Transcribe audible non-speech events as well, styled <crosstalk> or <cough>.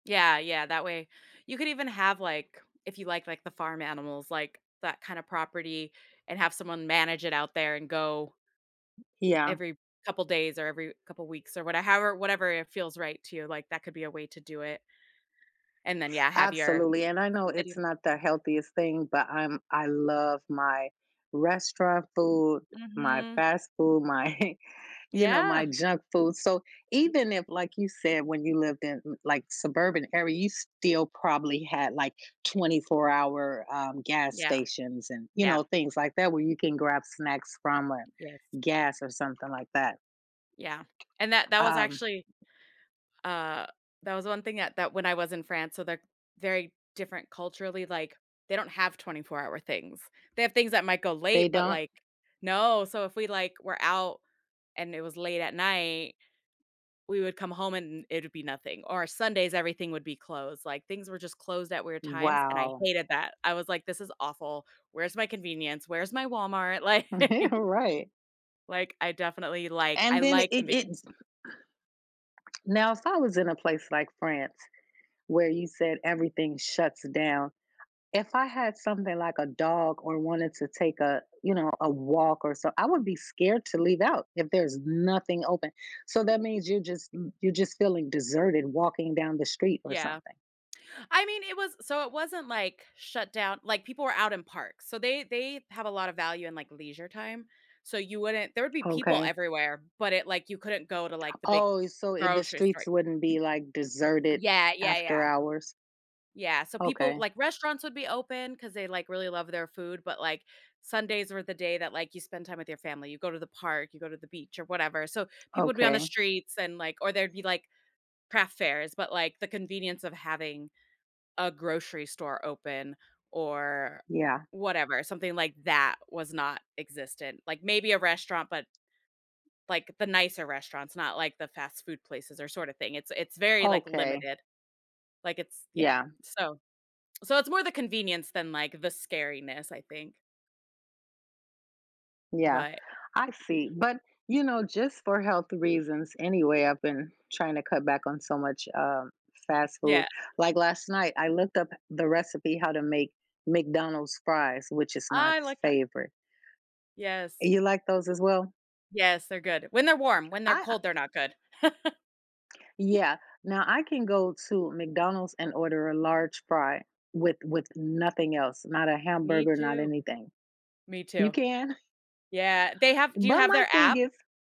Yeah, yeah, that way you could even have, like, if you like, like, the farm animals like that kinda property and have someone manage it out there and go Yeah. every couple days or every couple weeks or whate however, whatever it feels right to you, like, that could be a way to do it and then, yeah, have your Absolutely, and I know it's city not the healthiest thing, but I'm I love my restaurant food, my Mhm. fast food, my, you know, Yeah. my junk food, so, even if, like you said, when you lived in, like, suburban area, you still probably had like twenty-four-hour, um, gas Yeah, stations and, you yeah. know, things like that where you can grab snacks from, uh, or Yes. gas, or something like that. Yeah, and that that was Um actually uh, that was one thing that that when I was in France, so they're very different culturally, like, they don't have twenty-four-hour things, they have things that might go They late, but don't. like No, so, if we, like, were out, and it was late at night, we would come home and it would be nothing, or Sundays, everything would be closed, like things were just closed at weird times, and I Wow. hated that, I was like, "This is awful. Where's my convenience? Where's my Walmart?" Like <chuckles> Right. Like I definitely like, And I then it like it convenience. <clears throat> Now, if I was in a place like France where you said everything shuts down, if I had something like a dog or wanted to take a, you know, a walk or somet I would be scared to leave out if there's nothing open, so, that means you're just le you're just feeling deserted walking down the street or Yeah, something. I mean, it was so it wasn't like shut down, like people were out in parks, so they they have a lot of value in like leisure time, so you wouldn't there would be people Okay. everywhere, but it like, you couldn't go to like the big Oh, so the grocery store streets wouldn't be like deserted Yeah, yeah, after yeah. hours. Yeah, so people Okay. like restaurants would be open 'cause they like really love their food, but like, Sundays were the day that like you spend time with your family, you go to the park, you go to the beach, or whatever, so people would be on the Okay. streets, and like, or there'd be like craft fairs, but like the convenience of having a grocery store open or Yeah. whatever, something like that was not existent. Like maybe a restaurant, but like the nicer restaurants, not like the fast food places or sort of thing, it's it's very like Okay. limited, like it's, yeah, Yeah. so so it's more the convenience than like the scariness, I think. Yeah, But I see, but, you know, just for health reasons, anyway, I've been trying to cut back on so much, uh, fast food, Yeah. like last night, I looked up the recipe how to make McDonald's fries, which is my I like that. favorite. Yes. You like those as well? Yes, they're good, when they're warm, when they're I, uh cold, they're not good. <chuckles> Yeah, now I can go to McDonald's and order a large fry with with nothing else, not a Me hamburger, not too, anything. me You too, can? yeah, they have do you But have my their thing app? is